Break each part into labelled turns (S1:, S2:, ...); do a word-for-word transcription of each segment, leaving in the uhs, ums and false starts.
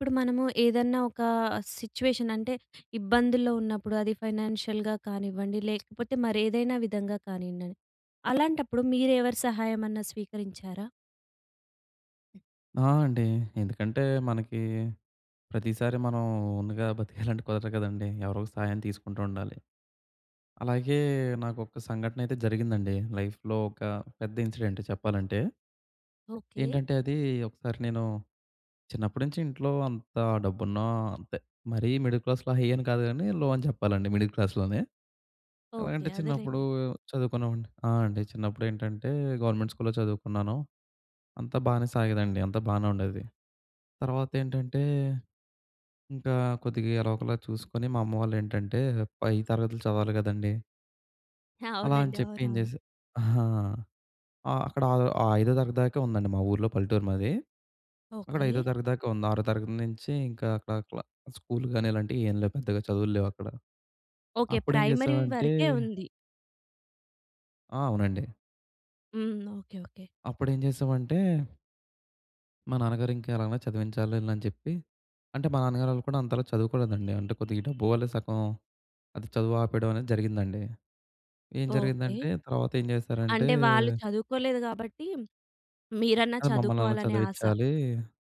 S1: ఇప్పుడు మనము ఏదన్నా ఒకా సిచ్యువేషన్ అంటే, ఇబ్బందుల్లో ఉన్నప్పుడు అది ఫైనాన్షియల్‌గా కానివ్వండి, లేకపోతే, మరేదైనా విధంగా కానియండని. అలాంటప్పుడు మీరు ఎవరి సహాయమన్నా స్వీకరించారా?
S2: ఆ! అండి. ఎందుకంటే, మనకీ ప్రతీసారి మనం ఓన్‌గా బతికేయాలంటే కుదరదు కదండీ. ఎవరోళ్ళ సహాయం తీసుకుంటూ ఉండాలి. అలాగే, నాకొక సంఘటనయితే జరిగిందండి. లైఫ్‌లో ఒక పెద్ద ఇన్సిడెంట్ చెప్పాలంటే.
S1: ఓకే.
S2: ఏంటంటే, అదీ ఒకసారి నేను చిన్నప్పుడు నించి ఇంట్లో అంతా డబ్బున్నా అంతే. మరీ మిడిల్ క్లాస్‌లో హై అని కాదు గానీ, లో అని చెప్పాలండి మిడిల్ క్లాస్‌లోనే.
S1: ఓకే.
S2: ఎలగంటే, చిన్నప్పుడూ
S1: అదేలేండి.
S2: చదువుకున్నావండి. ఆ! అండి. చిన్నప్పుడు ఏంటంటే, గవర్నమెంట్ స్కూల్లో చదువుకున్నాను. అంతా బానే సాగేదండి. అంతా బానే ఉండేది. తర్వాతేంటంటే, ఇంకా కొద్దిగా ఎలాగొలా చూసుకొని, మా అమ్మ వాళ్ళేంటంటే పై తరగతులు చదవాలి గదండీ అలా అని
S1: అవునండి.
S2: చెప్పి ఏం
S1: అవునవును.
S2: జేస ఆహా! ఆహ్, అక్కడా ఆ ఐదో తరగతి దాకే ఉందండి మా ఊర్లో. పల్లెటూరు మాది. అక్కడ ఐదో
S1: ఓకే.
S2: తరగతి దాకే ఉంది. ఆరో తరగతి నించీ ఇంక అట్లా అట్లా. స్కూల్‌గానీ ఇలాంటియి ఏమి లేవు. పెద్దగా చదువులు లేవు అక్కడ.
S1: ఓకే.
S2: అప్పుడేం
S1: ప్రైమరీ
S2: చేశావంటే
S1: వరకే ఉంది.
S2: ఆ! అవునండి.
S1: హ్మ్. ఓకే. ఓకే.
S2: అప్పుడు ఏం చేశామంటే మా నాన్నగారు ఇంకా ఎలాగైనా చదివించాలి వీళ్ళని అని చెప్పి. అంటే మా నాన్నగారు వాళ్ళు కూడా అంతలా చదువుకోలేదండి. అంటే కొద్దిగా డబ్బు వల్లే సగం. అది చదువు ఆపేయడం అనేది జరిగిందండి. ఏం
S1: ఓకే.
S2: జరిగిందంటే తర్వాత ఏం చేశారంటే...
S1: అంటే వాళ్ళు చదువుకోలేదు కాబట్టి, మీరన్నా
S2: అది మమ్మల్నన్న
S1: చదువుకోవాలనే ఆశ.
S2: చదివించాలి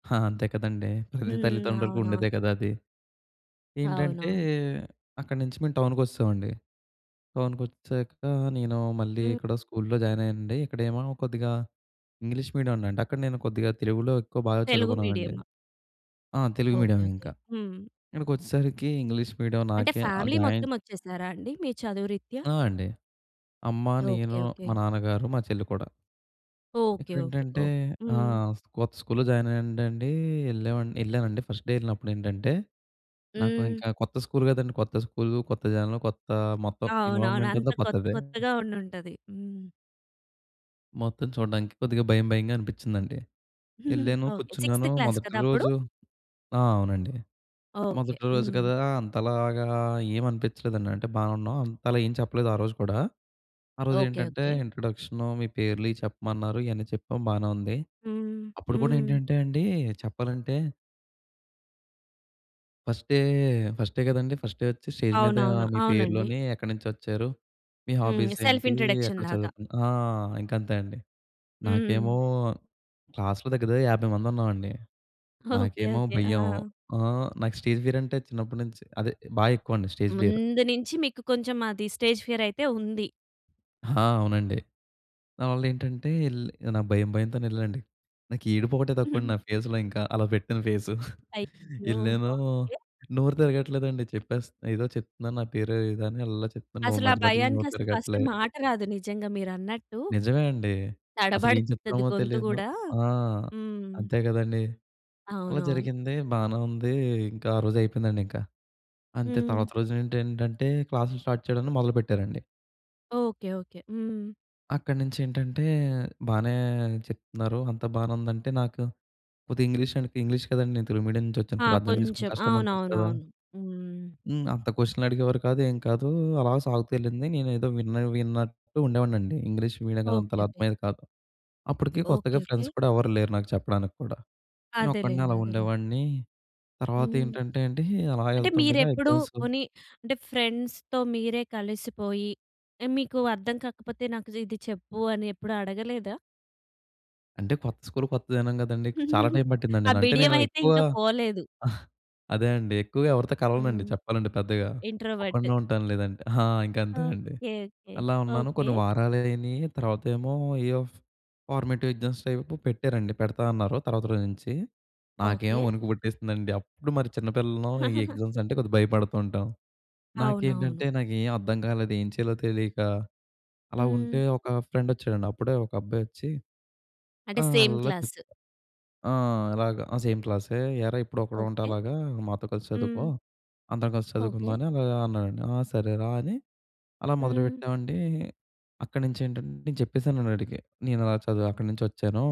S2: హా! అంతే కదండీ. ప్రతి
S1: హ్మ్.
S2: తల్లిదండ్రులకి
S1: అవునవును.
S2: ఉండేదే కదా అది. ఏంటంటే,
S1: అవునవును.
S2: అక్కడి నుంచి మేము టౌన్‌కి వచ్చేసామండి. టౌన్‌కొచ్చాక నేను మళ్ళీ
S1: హ్మ్.
S2: ఇక్కడ స్కూల్‌లో జాయిన్ అయ్యానండి. ఇక్కడేమో కొద్దిగా ఇంగ్లీష్ మీడియం ఉందండి. అక్కడ నేను కొద్దిగా తెలుగులో ఎక్కువ బాగా
S1: తెలుగు
S2: చదువుకునే వాడిని.
S1: మీడియమా?
S2: ఆ! తెలుగు
S1: ఓకే.
S2: Medium
S1: okay.
S2: ఇంకా.
S1: హ్మ్.
S2: ఇక్కడికి వచ్చేసరికి ఇంగ్లీష్ మీడియం.
S1: అంటే
S2: నాకే
S1: ఫ్యామిలీ మొత్తం
S2: జాయిన్
S1: వచ్చేసారా అండి? మీ చదువు రిత్యా.
S2: ఆ! అండి. అమ్మ,
S1: ఓకే.
S2: నేను,
S1: ఓకే.
S2: మా నాన్నగారు, మా చెల్లి కూడా.
S1: ఓకె.
S2: ఇక్కడ
S1: ఓకె.
S2: ఏంటంటే
S1: ఓహ్!
S2: ఆ!
S1: హ్మ్.
S2: కొత్త స్కూల్లో జాయిన్ అయ్యానండి. వెళ్ళా వెళ్ళానండి. ఫస్ట్ డే వెళ్ళినప్పుడు ఏంటంటే, నాకు
S1: హ్మ్.
S2: ఇంకా కొత్త స్కూల్ కదండీ. కొత్త స్కూల్ కొత్త జనలు కొత్త మొత్తం
S1: అవునవును.
S2: ఇన్వాల్వ్మెంట్
S1: అంత
S2: అంతా
S1: కొత్త
S2: కొత్తదే.
S1: కొత్తగా ఉండి ఉంటది. హ్మ్.
S2: మొత్తం చూడడానికి కొద్దిగా భయం, భయంగా అనిపిచ్చిందండి. యెళ్ళాను,
S1: ఓకే. సిక్స్‌త్
S2: కూర్చున్నాను
S1: క్లాస్
S2: మొదటి
S1: కదా అప్పుడు?
S2: రోజు ఆ! అవునండి.
S1: ఓకే.
S2: మొదటి రోజు
S1: హ్మ్.
S2: కదా! అంతలాగా ఏమి అనిపిచ్చలేదండి. అంటే బావున్నాం. అంతలా ఏం చెప్పలేదు ఆ రోజు కూడా. ఆ రోజు
S1: ఓకే.
S2: ఏంటంటే
S1: ఓకే.
S2: ఇంట్రడక్షను మీ పేర్లు ఇయి చెప్పమన్నారు. ఇయన్నీ చెప్పాం బానే ఉంది.
S1: హ్మ్.
S2: అప్పుడు కూడా
S1: హ్మ్.
S2: ఏంటంటే అండి చెప్పాలంటే... ఫస్ట్ డే, ఫస్ట్ డే కదండీ ఫర్స్ట్ డే వచ్చి స్టేజ్ మీద
S1: అవునవును.
S2: మీ
S1: అవునండి.
S2: పేరులోని "ఎక్కడి నుంచి వచ్చారు? మీ
S1: హ్మ్.
S2: హాబీస్
S1: సెల్ఫ్
S2: ఏంటి? ఎక్కడ
S1: ఇంట్రడక్షన్‌లాగా
S2: చదువుకున్నా" ఆ! ఇంక అంతే అండి. నాకేమో
S1: హ్మ్.
S2: క్లాస్‌లో దగ్గర, దగ్గర యాభై మంది ఉన్నామండి.
S1: ఓకే.
S2: నాకేమో
S1: ఓకే.
S2: భయం.
S1: ఆ!
S2: ఆహ్, నాకు స్టేజ్ ఫియర్ అంటే చిన్నప్పటినుంచి, అదే బాగా ఎక్కువండి స్టేజ్ ఫియరు.
S1: ముందు నుంచి మీకు కొంచెం అది స్టేజ్ ఫియర్ అయితే ఉంది?
S2: ఆ! అవునండి. దాని వల్ల ఏంటంటే ఎళ్ నా భయం, భయంతోనే ఎళ్ళండి. నాకు ఏడుపొకటే తక్కువండి. నా ఫేస్‌లో ఇంక. అలా పెట్టాను ఫేసు.
S1: అయ్యో!
S2: ఎళ్ళానూ,
S1: ఓకే.
S2: నోరు తిరగట్లేదండి చెప్పేస్ ఏదో చెప్తున్నాను. నా పేరు ఏదో అని అళ్ళా చెప్తున్నాను.
S1: అసలు ఆ
S2: మధ్య మధ్యలో
S1: భయానికి
S2: నోరు
S1: అసలు ఫస్ట్
S2: తిరగట్లే.
S1: మాట రాదు నిజంగా మీరు అన్నట్టు.
S2: నిజమే అండి. అసలు ఏం
S1: తడబడతది
S2: చెప్తామో
S1: గొంతు
S2: తెలియదు.
S1: గూడా.
S2: ఆ!
S1: హ్మ్.
S2: అంతే కదండీ! అలా
S1: అవునవును.
S2: జరిగింది, బానే ఉంది. ఇంక ఆ రోజు అయిపోయిందండి ఇంక. అంతే
S1: హ్మ్.
S2: తర్వాత రోజు ఏంటంటే క్లాసులు స్టార్ట్ చేయడాన్ని మొదలుపెట్టారండి.
S1: ఓకే. ఓకే. హ్మ్.
S2: అక్కడి నుంచి ఏంటంటే, బానే చెప్తున్నారు, అంత బానే ఉందంటే. నాకు, కొద్దిగా ఇంగ్లీష్ అండ్ పింగ్లీష్ కదండీ. నేను తెలుగు మీడియం నుంచొచ్చాను
S1: ఆ!
S2: కొద్ది అర్థం చేసుకుని
S1: కొంచెం.
S2: కష్టంగా ఉంటది కదా!
S1: అవునవునవును. హ్మ్.
S2: హ్మ్, అంత క్వెషన్‌లు అడిగేవారు కాదు ఏం కాదు. అలా సాగుతూ వెళ్ళింది. నేనేదో విన్న విన్నట్టు ఉండేవాడిని అండి. ఇంగ్లీష్ మీడియం కదా!
S1: ఓకే.
S2: అంత‌లా
S1: ఓకే.
S2: అర్థమయ్యేది కాదు. అప్పటికి కొత్తగా
S1: ఓకే. ఓకే.
S2: ఫ్రెండ్స్ కూడా, ఎవరు లేరు నాకు చెప్పడానికి కూడా. నేను ఒక్కడినే
S1: అదేలెండి.
S2: అలా
S1: అదేలెండి.
S2: ఉండేవాడిని. తర్వాత
S1: హ్మ్.
S2: ఏంటంటే అండి, అలా
S1: అంటే,
S2: వెళ్తుండగా
S1: మీరెప్పుడు
S2: ఎగ్జామ్సు
S1: పోనీ అంటే, ఫ్రెండ్స్‌తో మీరే కలిసిపోయి, ఆహ్, మీకు అర్థం కాకపోతే నాకు ఇది చెప్పు, అని ఎప్పుడు అడగలేదా?
S2: అంటే, కొత్త స్కూల్ కొత్త దినం కదండీ. చాలా టైం పట్టిందండి.
S1: ఆ
S2: అంటే
S1: బిడియం
S2: నేను
S1: అయితే
S2: ఎక్కువ
S1: ఇంక పోలేదు.
S2: అదే అండి ఎక్కువగా ఎవరితో కలవనండి,
S1: హ్మ్.
S2: చెప్పాలంటే పెద్దగా.
S1: ఇంట్రోవర్టు.
S2: ఒక్కడినే ఉంటాను లేదంటే ఆ! ఇంక అంతే అండి.
S1: ఓకే. ఓకే.
S2: అలా ఉన్నాను
S1: ఓకే.
S2: కొన్ని వారాలు అయినియి, తర్వాతేమో ఏయెఫ్ ఫార్మేటివ్ ఎగ్జామ్స్ టైపు పెట్టారండి. పెడతా అన్నారు తర్వాత రోజు నుంచి. నాకేమో
S1: ఓకే.
S2: వణుకు పుట్టేస్తుందండి. అప్పుడు మరి చిన్న పిల్లలం ఈ ఎగ్జామ్స్ అంటే కొద్దిగా భయపడుతూ ఉంటాం.
S1: అవునవును.
S2: నాకేంటంటే నాకేం అర్థం కాలేదు, ఏం చేయాలో తెలియక అలా ఉంటే,
S1: హ్మ్.
S2: ఒక ఫ్రెండ్ వచ్చాడండి. అప్పుడే ఒక అబ్బాయి వచ్చి,
S1: అంటే,
S2: "ఆ!
S1: సేమ్
S2: అల్లల్లా చేప్
S1: క్లాసు.
S2: ఆ! అలాగా. ఆ! సేమ్ క్లాసే. "ఏరా ఎప్పుడు ఒకడుంటే
S1: ఓకే.
S2: అలాగా, మాతో కలిసి చదువుకో,
S1: హ్మ్.
S2: అందరం కలిసి
S1: ఓకే.
S2: చదువుకుందాం అలా అన్నాడండి." "ఆ! సరేరా", అని అలా
S1: హ్మ్.
S2: మొదలుపెట్టామండి. అక్కడి నుంచి ఏంటంటే, నేను చెప్పేసానండి ఆడికి, నేను ఇలా చదువు అక్కడి నుంచొచ్చాను.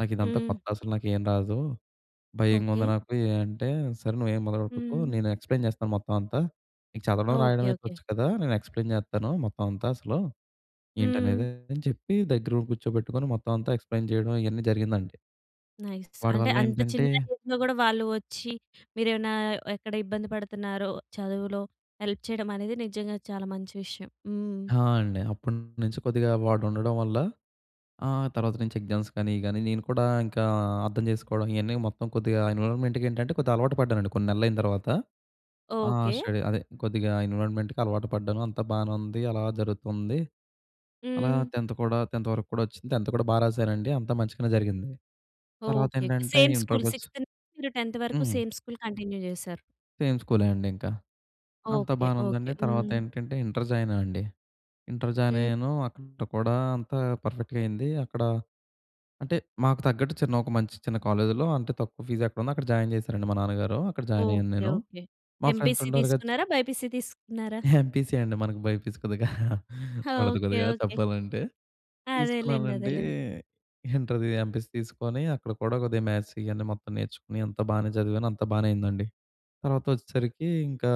S2: నాకు ఇదంతా
S1: హ్మ్.
S2: కొత్త అసలు నాకు ఏమి రాదు. భయంగా ఉంది
S1: ఓకే.
S2: నాకు అంటే, "సరే, నువ్వు ఏమి మొదలుపెట్టుకు,
S1: హ్మ్.
S2: నేను ఎక్స్‌ప్లైన్ చేస్తాను మొత్తం అంతా. నీకు చదవడం, రాయడం
S1: ఓకే.
S2: అయితే
S1: ఓకే.
S2: వచ్చ కదా! నేను ఎక్స్‌ప్లైన్ చేత్తాను. మొత్తం అంతా అసలు
S1: హ్మ్.
S2: ఏంటనేది," అని చెప్పి దగ్గర ఉండి కూర్చోబెట్టుకొని, మొత్తం అంతా ఎక్స్‌ప్లైన్ చేయడం ఇవన్నీ జరిగిందండి.
S1: నైస్.
S2: వాడి
S1: అంటే,
S2: వల్ల
S1: అంత
S2: ఏంటంటే
S1: చిన్న ఏజ్‌లో కూడా వాళ్ళు వచ్చి మీరేమైనా, ఎక్కడ ఇబ్బంది పడుతున్నారో చదువులో, హెల్ప్ చేయడం అనేది నిజంగా చాలా మంచి విషయం. హ్మ్.
S2: ఆ! అండి. అప్పటినుంచి కొద్దిగా వాడు ఉండడం వల్ల, ఆహ్, తర్వాత నుంచి ఎగ్జామ్స్ కానీ, గానీ నేను కూడా ఇంకా అర్థం చేసుకోవడం ఇయన్నీ మొత్తం కొద్దిగా ఎన్విరాన్మెంట్‌కేంటంటే కొద్దిగా అలవాటు పడ్డానండి కొన్ని నెలలు అయిన తర్వాత. ఆహ్,
S1: ఓకే.
S2: స్టడీ అదే కొద్దిగా ఎన్విరాన్మెంట్‌కి అలవాటు పడ్డాను. అంతా బానే ఉంది. అలా జరుగుతుంది. అలా
S1: హ్మ్.
S2: టెంత్ కూడా టెంత్ వరకు కూడొచ్చింది టెంత్ కూడా బాగా రాసానండి. అంతా మంచిగానే జరిగింది. తర్వాత
S1: ఓకే.
S2: ఏంటంటే
S1: సేమ్ స్కూల్
S2: ఇంటర్‌కొచ్చ
S1: సిక్స్త్ నుంచి టెంత్ వరకు
S2: హ్మ్.
S1: సేమ్ స్కూల్ కంటిన్యూ చేసారు.
S2: సేమ్ స్కూలే అండి ఇంకా. అంతా
S1: ఓకె.
S2: బానే
S1: ఓకె.
S2: ఉందండి. తర్వాత
S1: హ్మ్.
S2: ఏంటంటే ఇంటర్ జాయిన్ ఆయనండి. ఇంటర్ జాయిన్
S1: హ్మ్.
S2: అయ్యాను. అక్కడ కూడా అంతా పర్ఫెక్ట్‌గా అయింది. అక్కడ అంటే మాకు తగ్గట్టు చిన్న ఒక మంచి చిన్న కాలేజ్‌లో అంత తక్కువ ఫీజ్ ఎక్కడుందో అక్కడ జాయిన్ చేశారండి మా నాన్నగారు. అక్కడ జాయిన్ అయ్యాను
S1: ఓకె.
S2: నేను.
S1: ఓకె.
S2: మా ఫ్రెండ్స్
S1: ఎంపీసీ
S2: ఉంటారు కదా! చి
S1: తీసుకున్నారా? బైపీసీ తీసుకున్నారా?
S2: ఎంపీసీయే అండి. మనకు బైపీసీ కొద్దిగా పడదు
S1: ఓకె.
S2: కొద్దిగా
S1: ఓకె.
S2: చెప్పాలంటే.
S1: అదేలెండి.
S2: తీసుకున్నానండి
S1: అదేలెండి.
S2: ఇంటర్‌ది ఎంపీసీ తీసుకొని అక్కడ కూడా కొద్దిగా మ్యాథ్స్ ఇయన్నీ మొత్తం నేర్చుకొని అంత బానే చదివాను. అంత బానే అయిందండి. తర్వాత వచ్చేసరికి ఇంకా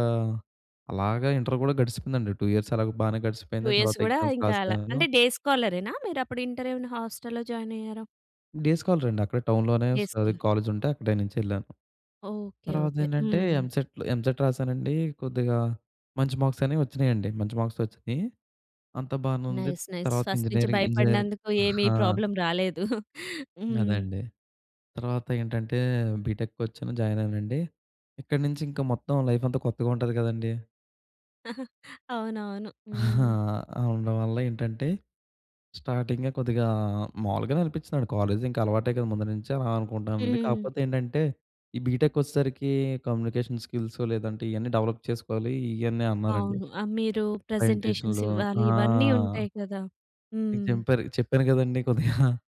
S2: అలాగా ఇంటర్ కూడా గడిచిందండి. టూ ఇయర్స్ అలాగా బానే
S1: టూ
S2: గడిచిపోయింది.
S1: ఇయర్స్
S2: తర్వాత
S1: కూడా
S2: ఎగ్జామ్స్
S1: ఇంక అలా.
S2: రాసాను.
S1: అంటే డే స్కాలరేనా? మీరు అప్పుడు ఇంటర్ ఏమైనా హోస్టల్‌లో జాయిన్ అయ్యారా?
S2: డే స్కాలరే అండి. అక్కడే టౌన్‌లోనే
S1: డే
S2: స్ అదే
S1: స్కాలర్.
S2: కాలేజ్ ఉంటే అక్కడే నుంచి ఎళ్ళాను.
S1: ఓకె.
S2: తర్వాత
S1: ఓకె.
S2: ఏంటంటే
S1: హ్మ్.
S2: ఎంసెట్‌లు ఎంసెట్ రాసానండి. కొద్దిగా మంచి మార్క్స్ అనేవి వచ్చినాయండి. మంచి మార్క్స్ వచ్చినాయి. అంతా బానే ఉంది.
S1: Nice nice.
S2: తర్వాత
S1: ఫస్ట్ నుండి
S2: ఇంజినీరింగ్, ఇంజినీరింగ్
S1: భయపడినందుకు ఏమి
S2: ఆ!
S1: ప్రాబ్లమ్ రాలేదు. హ్మ్.
S2: అదెండి. తర్వాత ఏంటంటే బీటెక్‌కి వచ్చాను, జాయిన్ అయ్యానండి. ఇక్కడి నుంచి ఇంకా మొత్తం లైఫ్ అంతా కొత్తగా ఉంటది కదండీ.
S1: అవునవును.
S2: ఆహా!
S1: హ్మ్.
S2: ఆ! ఉండడం వల్ల ఏంటంటే స్టార్టింగే కొద్దిగా మావులుగా‌నే అనిపిచ్చిదండి. కాలేజ్ ఇంకా అలవాటే కదా! ముందునుంచే అలా అనుకుంటానండి.
S1: హ్మ్.
S2: కాకపోతే ఏంటంటే ఈ బీటెక్ వచ్చేసరికి కమ్యూనికేషన్ స్కిల్స్ లేదంటే ఇయన్నీ డెవలప్ చేసుకోవాలి, ఇయన్నీ అన్నారండి.
S1: అవును. ఆ! మీరు ప్రెజెంటేషన్స్
S2: ప్రెజెంటేషన్‌లూ
S1: ఇవ్వాలి.
S2: ఆ!
S1: ఇవన్నీ ఉంటాయి కదా!
S2: ఇంక
S1: హ్మ్.
S2: జెంపారు. చెప్పాను కదండీ కొద్దిగా,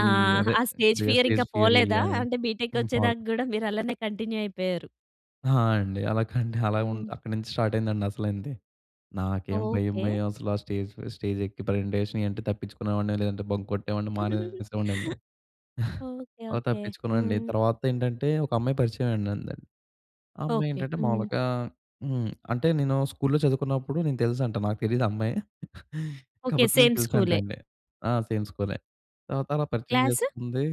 S2: ఈ
S1: ఆ!
S2: అదే
S1: ఆ స్టేజ్
S2: కొద్దిగా
S1: ఫియర్ ఇంకా
S2: స్టేజ్ ఫియరు
S1: పోలేదా?
S2: ఇయా అని.
S1: అంటే
S2: ఇన్ ఫాల్
S1: బీటేక్‌కొచ్చేదాకా కూడా మీరు అలానే కంటిన్యూ అయిపోయారు.
S2: ఆ! అండి. అలా కండి అలా ఉన్
S1: హ్మ్.
S2: అక్కడి నుంచి స్టార్ట్ అయిందండి అసలైంది. నాకేం భయం,
S1: ఓకె.
S2: భయం అసలు ఆ స్టేజ్ ఫ స్టేజ్ ఎక్కి ప్రెజెంటేషన్ ఇయి అంటే తప్పించుకునేవాడిని, లేదంటే బంక్ కొట్టేవాడిని, మానేసేవాడినండి.
S1: ఓకె.
S2: అలా
S1: ఓకె.
S2: తప్పించుకోనండి.
S1: హ్మ్.
S2: తర్వాత ఏంటంటే ఒక అమ్మాయి పరిచయం అయిందండి. ఆ అమ్మాయి
S1: ఓకె.
S2: ఏంటంటే
S1: హ్మ్.
S2: మామూలుగా హ్మ్, అంటే నేను స్కూల్లో చదువుకున్నప్పుడు నేను తెలుసంట. నాకు తెలీదు ఆ అమ్మాయి.
S1: ఓకె.
S2: కాకపోతే నేను
S1: సేమ్ స్కూలే?
S2: తెలుసంటండి. ఆ! సేమ్ స్కూలే. తర్వాత అలా పరిచయం
S1: క్లాసు?
S2: చేసుకుంది.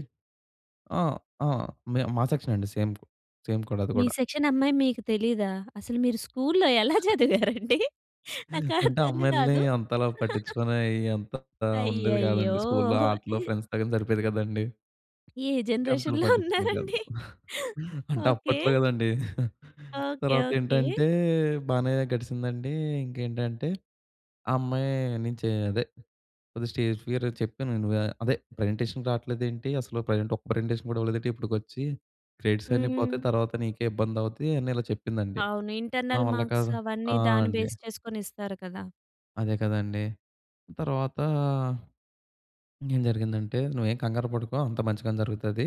S2: ఆ! ఆ! మే మా సెక్షనే అండి. సేమ్ కు సేమ్ కూడా అది
S1: మీ
S2: కూడా.
S1: సెక్షన్ అమ్మాయి మీకు తెలియదా? అసలు మీరు స్కూల్‌లో ఎలా చదివారండి? నాకు
S2: అంటే
S1: అర్థం
S2: అమ్మాయిల్ని
S1: కాదు.
S2: అంతలా పట్టించుకునేయి అంత ఉండేది
S1: అయ్యయ్యో!
S2: కాదండి. స్కూల్‌లో ఆటలు ఫ్రెండ్స్‌తో గాని సరిపోయేది కదండీ.
S1: ఏ
S2: ఇంకా అంతలా
S1: జనరేషన్‌లో
S2: పట్టిచుకునే కాదు.
S1: ఉన్నారండి?
S2: అంటే
S1: ఓకె.
S2: అప్పట్లో కదండి.
S1: ఓకె.
S2: తర్వాత
S1: ఓకె.
S2: ఏంటంటే బానే గడిసిందండి. ఇంకేంటంటే ఆ అమ్మాయి నుంచి అదే కొద్ది‌‌‌‌‌గా స్టేజ్ ఫియర్ చెప్పానువా. అదే ప్రెజెంటేషన్‌కి రాట్లేదేంటి, అసలు ప్రెజెంట్ ఒక్క ప్రెజెంటేషన్ కూడా ఇవ్వలేదేంటి ఇప్పటికి వచ్చి. క్రెడిట్స్ అన్నీ పోతాయి
S1: హ్మ్.
S2: తర్వాత నీకే ఇబ్బంది అవుతాయి అని ఇలా చెప్పిందండి.
S1: అవును.
S2: నా
S1: ఇంటర్నల్
S2: వల్ల
S1: మార్క్స్
S2: కాదు.
S1: అవన్నీ
S2: ఆ!
S1: దాన్ని
S2: అండి.
S1: బేస్ చేసుకొని ఇస్తారు కదా!
S2: అదే కదండీ! తర్వాతా ఇంకేం జరిగిందంటే "నువ్వేం కంగారు పడకు. అంత మంచిగానే జరుగుతది",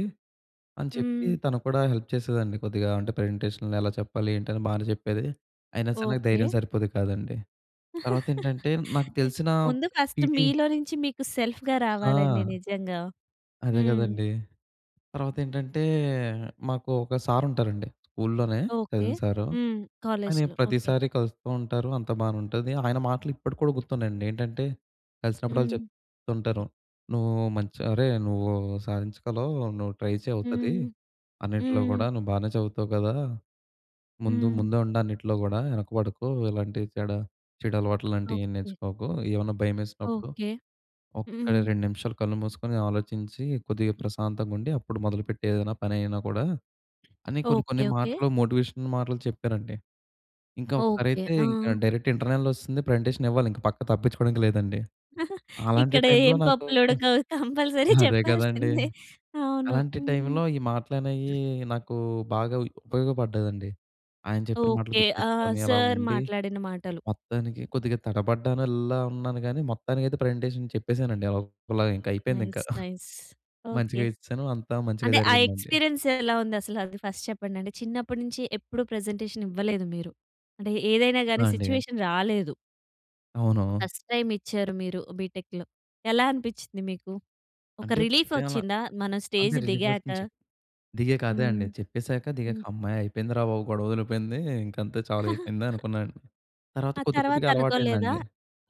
S2: అని చెప్పి
S1: హ్మ్.
S2: తను కూడా హెల్ప్ చేసేదండి. కొద్దిగా అంటే "ప్రజెంటేషన్‌లో ఎలా చెప్పాలి?" ఏంటి అని, బానే చెప్పేది. అయినా సరే
S1: ఓకే.
S2: ధైర్యం సరిపోయేది కాదండి. తర్వాత ఏంటంటే నాకు తెలిసిన క్
S1: ముందు ఫస్ట్
S2: పీటీ
S1: మీలో నుంచి మీకు సెల్ఫ్‌గా రావాలండి
S2: ఆ!
S1: నిజంగా.
S2: అదే
S1: హ్మ్.
S2: కదండీ! తర్వాత ఏంటంటే మాకు ఒక సార్ ఉంటారండి. స్కూల్లోనే
S1: ఓకే.
S2: చదివిన సారు.
S1: హ్మ్.
S2: ఆయన
S1: కాలేజ్‌లో ఓకే.
S2: ప్రతిసారి కలుస్తూ ఉంటారు, అంత బాగానే ఉంటుంది. ఆయన మాటలు ఇప్పటికి కూడా గుర్తున్నాయండి ఏంటంటే కలిసినప్పుడల్లా
S1: హ్మ్.
S2: చెప్తుంటారు. "నువ్వు మంచిగా అరే! నువ్వు సాధించగలవు, నువ్వు ట్రై చెయ్ అవుతది.
S1: హ్మ్.
S2: అన్నిట్లో
S1: హ్మ్.
S2: కూడా నువ్వు బానే చదువుతావు కదా! ముందు
S1: హ్మ్.
S2: ముందే ఉండు అన్నిట్లో కూడా వెనకపడకు. ఎలాంటి చెడు, చెడు అలవాట్లు లాంటివి ఏం
S1: ఓకే.
S2: నేర్చుకోకు. ఏమన్నా భయమేసినప్పుడు
S1: ఓకే.
S2: ఒక్క
S1: హ్మ్.
S2: రెండు నిమిషాలు కళ్ళు మూసుకొని ఆలోచించి కొద్దిగా ప్రశాంతంగా ఉండి అప్పుడు మొదలుపెట్టు ఏదైనా పని ఐనా కూడా", అని కొన్ని
S1: ఓకే
S2: కొన్ని
S1: ఓకే.
S2: మాటలు మోటివేషనల్ మాటలు చెప్పారండి. ఇంకా
S1: ఓకే.
S2: ఒకసారైతే ఇంకా
S1: ఆ!
S2: డైరెక్ట్ ఇంటర్నల్ వస్తుంది, ప్రజెంటేషన్ ఇవ్వాలి. ఇంక పక్క తప్పించుకోవడానికి లేదండి. అలాంటి
S1: ఇక్కడ
S2: టైమ్‌లో
S1: ఏం
S2: నాకు
S1: పప్పులు ఉడకవు కంపల్సరీ
S2: అదే కదండీ!
S1: చెప్పాల్సిందే. అవును.
S2: అలాంటి
S1: హ్మ్.
S2: టైమ్‌లో ఈ మాటలనేయి నాకు బాగా ఉపయోగపడ్డాదండి. ఆయన చెప్పిన మాటలు
S1: ఓకే.
S2: గుర్తు
S1: ఆహ్,
S2: తెచ్చుకొని అలా
S1: సార్
S2: ఉండి
S1: మాట్లాడిన మాటలు.
S2: మొత్తానికి కొద్దిగా తడబడ్డాను అల్లాల్లా ఉన్నాను కానీ మొత్తానికైతే ప్రజెంటేషన్ చెప్పేసానండి. అల్ అలా ఇంకా అయిపోయింది ఇంకా.
S1: Nice nice. ఓకే.
S2: మంచిగా ఇచ్చాను. అంతా మంచిగా
S1: అంటే ఆ
S2: జరిగిందండి.
S1: ఎక్స్‌పీరియన్స్ ఎలా ఉంది? అసలు అది ఫస్ట్ చెప్పండి? అంటే చిన్నప్పటి నుంచి ఎప్పుడు ప్రజెంటేషన్ ఇవ్వలేదు మీరు. అంటే ఏదైనా గాని
S2: వాండిగా.
S1: స్విచ్యువేషన్ రాలేదు.
S2: అవును.
S1: ఫస్ట్ టైమ్ ఇచ్చారు మీరు బి టెక్‌లో ఎలా అనిపించింది మీకు? ఒక
S2: అంటే
S1: రిలీఫ్
S2: ఫస్ట్ టైమ్ అలా,
S1: వచ్చిందా మనం
S2: అంతే
S1: స్టేజ్
S2: రిలీఫ్
S1: దిగాక?
S2: వస్తుందని చెప్ప్ దిగాక అదే
S1: హ్మ్.
S2: అండి చెప్పేసాక దిగాక
S1: హ్మ్.
S2: హమ్మయ్య అయిపోయిందిరా బాబు గొడవ వదిలిపోయింది ఇంక అంతే చాలా అయిపోయింది అనుకున్నాను. తర్వాత
S1: ఆ తరువాత
S2: కొద్దికొద్దిగా
S1: అనుకోలేదా?
S2: అలవాటయిందండి.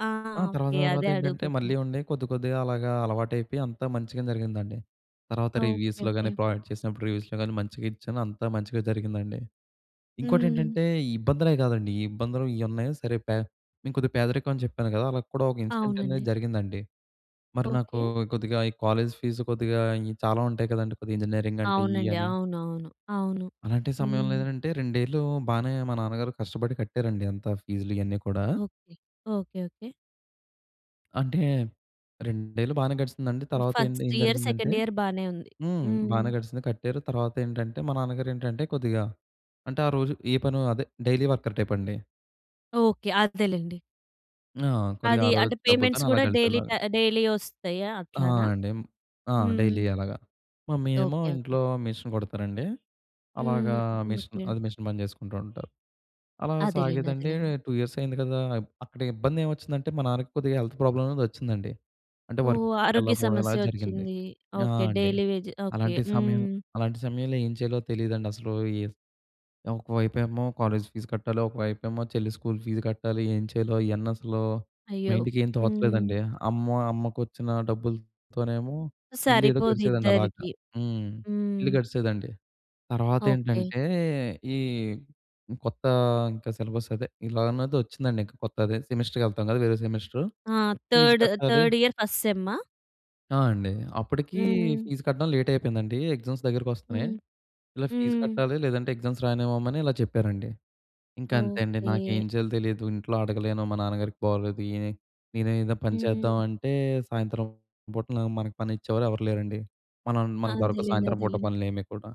S1: ఆ!
S2: ఆ! తర్వాత,
S1: ఓకే అదే
S2: తర్వాతేంటంటే
S1: అడుగబోతున్నా.
S2: మళ్ళీ ఉండే కొద్దికొద్దిగా అలాగా అలవాటైపోయి అంతా మంచిగనే జరిగిందండి. తర్వాత
S1: ఓకే
S2: రివ్యూస్‌లో
S1: ఓకే.
S2: కాని ప్రాజెక్ట్ చేసినప్పుడు రివ్యూస్‌లో గాని మంచిగా ఇచ్చాను, అంతా మంచిగా జరిగిందండి. ఇంకోటి
S1: హ్మ్.
S2: ఏంటంటే ఈ ఇబ్బందులే కాదండి ఈ ఇబ్బందులు ఇయున్నాయి సరే పే మేం కొద్దిగా పేదరికం అని చెప్పాను కదా! అలా కూడా ఒక ఇన్సిడెంటనేది
S1: అవునండి.
S2: జరిగిందండి. మరి నాకు
S1: ఓకే.
S2: కొద్దిగా ఈ కాలేజ్ ఫీస్ కొద్దిగా చాలా ఉంటాయి కదండీ కొద్దిగా ఇంజినీరింగ్ అంటే ఇయి
S1: అవునండి.
S2: అని.
S1: అవునవును. అవును.
S2: అలాంటి సమయంలో
S1: హ్మ్.
S2: ఏదనంటే రెండేళ్ళు బానే మా నాన్నగారు కష్టపడి కట్టారండి అంత ఫీజ్‌లు ఇయన్నీ కూడా.
S1: ఓకే. Okay okay.
S2: అంటే రెండేళ్లు బానే గడిసిందండి. తర్వాత ఏంట్
S1: ఫస్ట్
S2: ఏం
S1: ఇయర్,
S2: జరిగిందంటే
S1: సెకండ్ ఇయర్ బానే ఉంది.
S2: హ్మ్
S1: హ్మ్.
S2: బానే గడిసింది కట్టారు. తర్వాతేంటంటే మా నాన్నగారు ఏంటంటే కొద్దిగా అంటే ఆ రోజు ఏ పనో అదే డైలీ వర్కర్ టైపండి.
S1: ఓకే అదేలెండి.
S2: ఆ! కొద్దిగా
S1: అది
S2: ఆ రోజు
S1: అంటే
S2: వచ్చిన
S1: పేమెంట్స్
S2: డబ్బులతోని అలా
S1: కూడా డైలీ ట
S2: గడిపేలాగా.
S1: ఆహ్, డైలీ వస్తాయా
S2: ఆ!
S1: అట్లనా?
S2: అండి. ఆ!
S1: హ్మ్.
S2: డైలీ అలాగా. మమ్మీ ఏమో
S1: ఓకే ఓకే.
S2: ఇంట్లో మెషిన్ కుడతారండి. అలాగా
S1: హుహు.
S2: Machine,
S1: okay.
S2: అదే మిషన్ పని చేసుకుంటా ఉంటారు. అలాగ
S1: అదేలేండి
S2: సాగేదండి
S1: అదేలేండి.
S2: టూ ఇయర్స్ అయింది కదా! అక్కడ ఇబ్బందేమొచ్చిందంటే మా నాన్నకి కొద్దిగా హెల్త్ ప్రాబ్లమ్ అనేదొచ్చిందండి. అంటే
S1: ఓహ్! ఆరోగ్య
S2: వర్క్‌కెళ్ళకపోవడం ఇలా
S1: సమస్య
S2: జరిగింది.
S1: వచ్చింది.
S2: ఆ!
S1: ఓకే.
S2: అండి.
S1: Daily wage okay.
S2: అలాంటి సమయం
S1: హ్మ్.
S2: అలాంటి సమయంలో ఏం చేయాలో తెలీదండసలు, ఈహ్, ఒక వైపేమో కాలేజీ ఫీజు కట్టాలి, ఒక వైపేమో చెల్లి స్కూల్ ఫీజు కట్టాలి ఏం చేయాలో ఇయన్నసలు
S1: అయ్యో!
S2: మైండ్‌కేం
S1: హ్మ్.
S2: తోచలేదండి. అమ్మో అమ్మకు వచ్చిన డబ్బులతోనేమో ఇల్లు ఏదో గడిచేదండలాగా.
S1: సరిపోదిద్దరికీ.
S2: హ్మ్. ఇల్లు
S1: హ్మ్.
S2: గడిచేదండి.
S1: ఓకే.
S2: తర్వాతేంటంటే, ఈ కొత్త ఇంకా సిలబస్ అదే ఇలా అన్నదొచ్చిందండి ఇంకా కొత్తది సెమిస్టర్‌కి వెళ్తాం కదా! వేరే సెమిస్టర్
S1: ఆ
S2: ఫీజ్
S1: థర్డ్,
S2: కట్టాలి
S1: థర్డ్ ఇయర్ ఫస్ట్ సెమ్మా?
S2: ఆ! అండి. అప్పడికి
S1: హ్మ్.
S2: ఫీజు కట్టడం లేట్ అయిపోయిందండి. ఎగ్జామ్స్ దగ్గరికొస్తున్నాయి.
S1: హ్మ్.
S2: ఇలా ఫీజు
S1: హ్మ్.
S2: కట్టాలి లేదంటే ఎగ్జామ్స్ రాయనివ్వమని ఇలా చెప్పారండి. ఇంక అంతే అండి.
S1: ఓకే.
S2: నాకేం చేయాలో తెలీదు ఇంట్లో అడగలేను. మా నాన్నగారికి బాగొలేదు. ఈయనే నేనే ఏదో పని చేద్దాం
S1: హ్మ్.
S2: అంటే సాయంత్రం పూట నా మనకు పని ఇచ్చేవారు ఎవరు లేరండి. మనం
S1: ఆ!
S2: మనకు దొరకవు
S1: అదేలెండి.
S2: సాయంత్రం పూట
S1: అదేలెండి.
S2: పనులు ఏమి కూడా.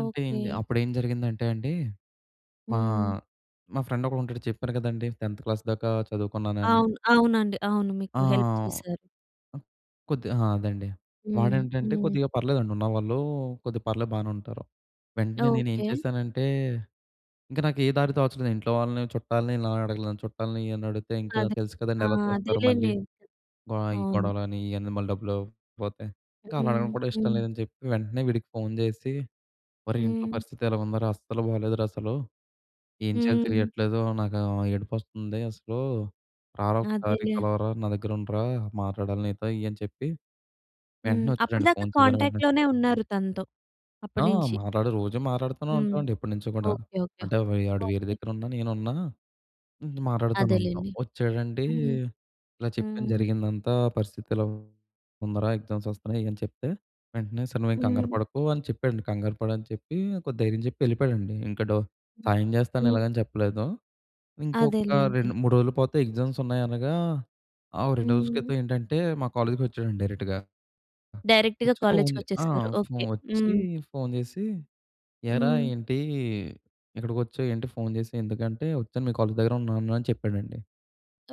S2: అంటే ఇంగ అప్పుడేం జరిగిందంటే అండి, మా,
S1: హ్మ్.
S2: మా ఫ్రెండొకడు ఉంటాడు చెప్పాను కదండీ టెన్త్ క్లాస్ దాకా చదువుకున్నానని.
S1: అవును. అవునండి. అవును. మీకు
S2: ఆ!
S1: హెల్ప్ చేశారు.
S2: కొద్ అ! అదే అండి.
S1: హ్మ్.
S2: వాడేంటంటే
S1: హ్మ్.
S2: కొద్దిగా పర్లేదండి ఉన్నవాళ్ళు కొద్దిగా పర్లేదు బానే ఉంటారు. వెంటనే నేను ఏం
S1: ఓకే.
S2: చేశానంటే ఇంక నాకు ఏ దారి తోచలేదు. ఇంట్లో వాళ్ళని చుట్టాలని ఇలా అడగలేను చుట్టాలని ఇయ్యు అని అడిగితే ఇంట్లో
S1: అదే.
S2: తెలుసు
S1: ఆ!
S2: కదండీ ఎలా చూస్తారు మళ్ళీ.
S1: అదేలేండి.
S2: ఆహ్, ఈ
S1: అవును.
S2: గొడవలు అని ఇయన్నీ మళ్ళీ డబ్బులు ఇవ్వకపోతే. ఇంక అలా
S1: హ్మ్.
S2: అడగడం కూడా ఇష్టం
S1: హ్మ్.
S2: లేదని చెప్పి వెంటనే వీడికి ఫోన్ జేసి, "ఒరే ఇంట్లో
S1: హ్మ్.
S2: పరిస్థితి ఇలా ఉందిరా అస్సలు బాలేదురా అసలు. ఏం చేయాలో
S1: హ్మ్.
S2: తెలియట్లేదు నాకు ఆహ్, ఏడుపొస్తుంది అసలు. రారా ఒక్కసారి
S1: అదేలే.
S2: కలవరా నా దగ్గర ఉండురా మాట్లాడాలి నీతో" ఇయన్ని చెప్పి
S1: హ్మ్.
S2: వెంటనే వచ్చాడండి
S1: అప్పడిదాకా
S2: ఫోన్ చేయగానే వెంటనే.
S1: కాంటాక్ట్‌లోనే ఉన్నారు తనతో
S2: ఆ!
S1: అప్పడినించి.
S2: మాట్లాడు రోజు మాట్లాడుతూనే
S1: హ్మ్.
S2: ఉంటాం అండి ఎప్పడినుంచో కూడా.
S1: ఓకే. ఓకే.
S2: అంటే వే వాడు వేరే
S1: ఓకే.
S2: దగ్గర ఉన్నా నేనున్నా హ్మ్, మాటాడుతూనే ఉంటాం.
S1: అదేలెండి.
S2: వచ్చాడండి
S1: హ్మ్.
S2: ఇలా చెప్పాను
S1: హ్మ్.
S2: జరిగిందంతా, "పరిస్థితి ఇలాగ ఉందిరా ఎగ్జామ్స్ వస్తున్నాయి" అని చెప్తే వెంటనే సరే నువ్వేం కంగారు
S1: హ్మ్.
S2: పడకు అని చెప్పాడండి. కంగారు పడ అని చెప్పి కొద్ది ధైర్యం చెప్పి యెళ్ళిపోయాడండి. ఇంక డొ సాయం జేస్తాను
S1: హ్మ్.
S2: ఇలాగ అని చెప్పలేదు. ఇంకొక
S1: అదేలే. అదేలే.
S2: రెండు మూడు రోజులు పోతే ఎగ్జామ్స్ ఉన్నాయి అనగా ఆ రెండు రోజుల
S1: హ్మ్.
S2: క్రితం ఏంటంటే మా కాలేజ్‌కొచ్చాడండి డైరెక్ట్‌గా.
S1: డైరెక్ట్‌గా
S2: వచ్చి ఫోన్
S1: కాలేజ్‌కి
S2: జే ఆ!
S1: వచ్చేసారు. ఓకే.
S2: వచ్చి
S1: హ్మ్.
S2: ఫోన్ జేసి ఏరా
S1: హ్మ్.
S2: ఏంటి ఇక్కడికొచ్చావు ఏంటి ఫోన్ జేసి ఎందుకంటే వచ్చాను మీ కాలేజ్ దగ్గర ఉన్నాను అని చెప్పాడండి.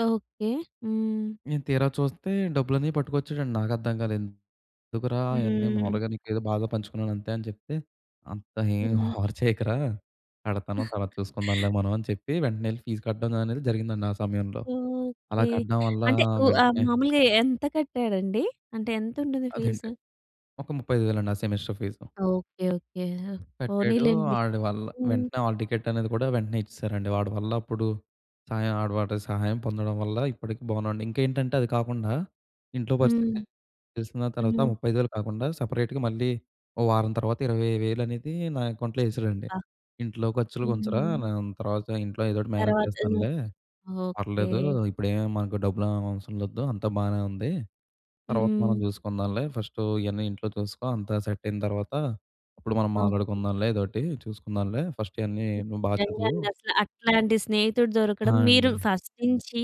S1: ఓకే. హ్మ్.
S2: నేను తీరా చూస్తే డబ్బులన్నీ పట్టుకొచ్చాడండి నాకు అర్థం కాలేదు. ఎందుకురా ఐయన్నీ
S1: హ్మ్.
S2: మామూలుగా నీకేదో బాద పంచుకున్నాను అంతే అని చెప్తే. అంత ఏమి
S1: హ్మ్.
S2: ఓవర్ చేయకురా కడతాను. తర్వాత చూసుకుందాంలే మనం అని చెప్పి వెంటనే ఎళ్లి ఫీజు కట్టడం అనేది జరిగిందండి ఆ సమయంలో. అలా
S1: ఓకే.
S2: కట్టడం వల్ల
S1: అంటే వు ఆహ్,
S2: వెంటనే
S1: మామూలుగా ఎంత కట్టాడండి అంటే ఎంత ఉంటుంది ఫీజ్?
S2: అదేంటి. ఒక ముప్పై ఐదు వేలండి ఆ సెమెస్టర్ ఫీజు.
S1: Okay okay.
S2: కట్టాడు.
S1: పోనీలెండి.
S2: ఆడి వల్ల
S1: హ్మ్.
S2: వెంటనే హాల్ టికెట్ అనేది కూడా వెంటనే ఇచ్చేసారండి. వాడి వల్ల అప్పుడు సాయం ఆడ వాడి సహాయం పొందడం వల్ల ఇప్పటికి బాగున్నాండి. ఇంకేంటంటే అది కాకుండా ఇంట్లో
S1: హ్మ్.
S2: పరిస్థితి తెలిసిన తర్వాత
S1: హ్మ్.
S2: ముప్పై ఐదు వేలు కాకుండా సెపరేట్‌గా మళ్ళీ ఓ వారం తర్వాత ఇరవై వేలు అనేది నా అకౌంట్‌లో ఎశాడండి.
S1: బా!
S2: ఇంట్లో ఖర్చులు‌కు ఉంచరా
S1: హ్మ్.
S2: నేన్ తర్వాత ఇంట్లో ఏదోకటి మేనేజ్
S1: తర్వాత అన్న.
S2: చేస్తానులే
S1: ఓకే.
S2: పర్లేదు. ఇప్పుడే ఏమి మనకు డబ్బులు ఏం అవసరం వద్ధు అంతా బానే ఉంది. తర్వాత
S1: హ్మ్.
S2: మనం చూసుకుందాంలే ఫస్ట్ ఇయన్నీ ఇంట్లో చూసుకో. అంతా సెట్ అయిన తర్వాత అప్పుడు మనం
S1: ఓకే.
S2: మాట్లాడుకుందాంలే ఎదోటి చూసుకుందాంలే ఫస్ట్ ఇయన్నీ నువ్వు బా
S1: నిజంగా
S2: చదువు.
S1: అండి. అసలు అట్లాంటి స్నేహితుడు
S2: ఆ!
S1: దొరకడం మీరు
S2: అండి.
S1: ఫస్ట్ నుంచి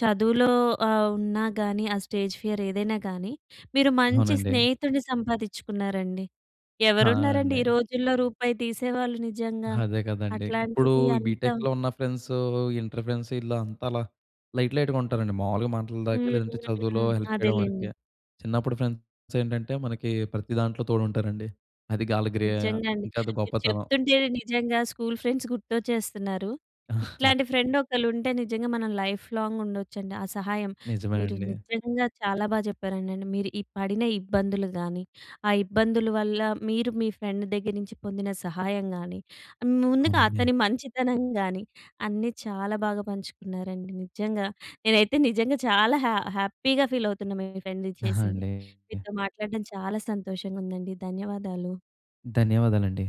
S1: చదువులో ఆహ్, ఉన్నా గాని, ఆ స్టేజ్ ఫియర్ ఏదైనా గాని, మీరు మంచి
S2: అవునండి.
S1: స్నేహితుడిని సంపాదించుకున్నారండి.
S2: ఆ!
S1: "ఎవరున్నారండి
S2: అండి.
S1: ఈ రోజుల్లో రూపాయి తీసేవాళ్ళు" నిజంగా,
S2: అదే కదండీ. ఇప్పుడు
S1: అట్లాంటిది
S2: ఈ
S1: అంతా.
S2: బీ‌టెక్‌లో ఉన్న ఫ్రెండ్సు ఇంటర్ ఫ్రెండ్సు వీళ్ళు అంతా అలా లైట్, లైట్‌గా ఉంటారండి. మామూలుగా మాటల దాకే లేదంటే
S1: హూహూహు.
S2: చదువులో హెల్ప్ చేయడం
S1: అదేలెండి.
S2: వరకే చిన్నప్పుడు ఫ్రెండ్స్ ఏంటంటే మనకి ప్రతి దాంట్లో తోడుంటారండి. అది గాలిగ్రియ
S1: నిజంగా అండి.
S2: ఇంకా అది
S1: మీరు
S2: గొప్పతనం.
S1: చెప్తుంటే‌నే నిజంగా స్కూల్ ఫ్రెండ్స్ గుర్తొచ్చేస్తున్నారు. ఇట్లాంటి ఫ్రెండ్ ఒకళ్ళు ఉంటే నిజంగా మనం లైఫ్‌లాంగ్ ఉండొచ్చండి. ఆ సహాయం
S2: నిజమే
S1: మీరు
S2: అండి.
S1: నిజంగా చాలా బాగ చెప్పారండండి. మీరు ఈ పడిన ఇబ్బందులు గానీ ఆ ఇబ్బందుల వల్ల మీరు మీ ఫ్రెండ్ దగ్గర నుంచి పొందిన సహాయం గానీ, ముందుగా
S2: అవునండి.
S1: అతని మంచితనం గానీ అన్నీ చాలా బాగా పంచుకున్నారండి. నిజంగా నేనైతే నిజంగా చాలా హ్యా హ్యాపీగా ఫీల్ అవుతున్నా మీ ఫ్రెండ్
S2: ఆ!
S1: చేసింది.
S2: అండి.
S1: మీతో మాట్లాడడం చాలా సంతోషంగా ఉందండి. ధన్యవాదాలు.
S2: ధన్యవాదాలండి.